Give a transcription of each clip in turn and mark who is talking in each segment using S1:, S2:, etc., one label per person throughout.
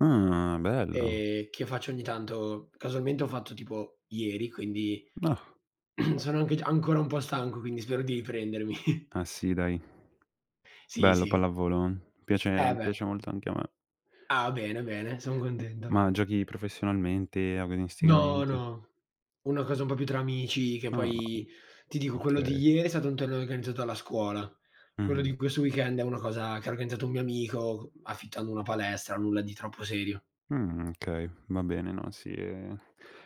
S1: Mh, bello.
S2: Ehm, che faccio ogni tanto, casualmente ho fatto tipo ieri, quindi
S1: Ah.
S2: sono anche già ancora un po' stanco, quindi spero di riprendermi.
S1: Ah sì, dai.
S2: Sì,
S1: Bello
S2: sì.
S1: pallavolo.
S2: Eh,
S1: Piace
S2: beh.
S1: piace molto anche a me.
S2: Ah, bene, bene. Son
S1: M
S2: contento.
S1: ma giochi professionalmente,
S2: No,
S1: agonisticamente?
S2: no. Una cosa un po' più tra amici, che
S1: Ah,
S2: poi ti dico, quello di
S1: okay.
S2: ieri è stato un torneo organizzato dalla scuola. Quello
S1: Mh-mh.
S2: di questo weekend è una cosa che ha organizzato un mio amico c affittando una palestra, nulla di troppo serio.
S1: Mh, okay, va bene, no, sì, ehm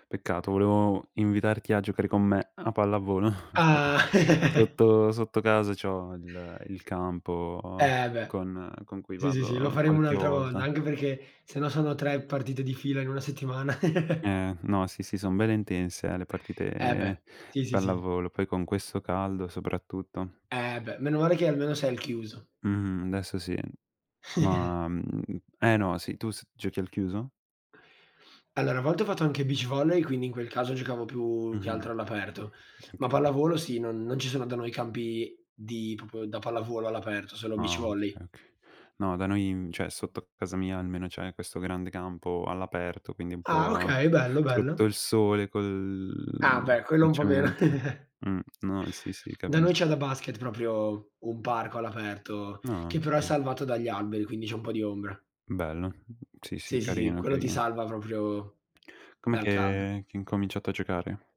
S1: peccato, volevo invitarti a giocare con me a pallavolo.
S2: Ah!
S1: Sotto sotto casa c'ho il il campo
S2: Eh, beh.
S1: con con cui
S2: Sì, sì, sì, lo
S1: vado
S2: faremo
S1: qualche
S2: un'altra volta,
S1: volta.
S2: anche perché se no sono 3 partite di fila in una settimana.
S1: Ehm, no, sì, sì, son belle intense, eh, le
S2: Eh,
S1: partite
S2: beh. Sì,
S1: di
S2: sì, sì.
S1: pallavolo. Poi con questo caldo soprattutto.
S2: Eh, beh. Meno male che almeno sei al chiuso.
S1: Mh-mh, adesso sì. Ma, mhmm eh, no. Sì, tu s giochi al chiuso?
S2: Allora, a volte ho fatto anche beach volley, quindi in quel caso giocavo più che
S1: Mh-mh.
S2: altro all'aperto. Ma
S1: Okay.
S2: pallavolo sì, non non ci sono da noi campi di proprio da pallavolo all'aperto, solo beach
S1: Ah,
S2: volley.
S1: okay, okay. No, da noi cioè sotto casa mia almeno c'è questo grande campo all'aperto, quindi un
S2: Ah,
S1: po'
S2: okay. Bello,
S1: sotto
S2: bello.
S1: il sole,
S2: Ah,
S1: col
S2: beh, quello
S1: col
S2: un po' meno.
S1: cemento. Mh, no, sì, sì,
S2: Da noi
S1: capisco.
S2: c'è da basket, proprio un parco all'aperto
S1: Ah,
S2: che però è
S1: okay.
S2: salvato dagli alberi, quindi c'è un po' di ombra.
S1: Bello. Sì, sì,
S2: Sì, sì, sì.
S1: carino,
S2: Quello ti
S1: carino.
S2: salva proprio
S1: Com'è
S2: dal caldo.
S1: che che hai incominciato a giocare?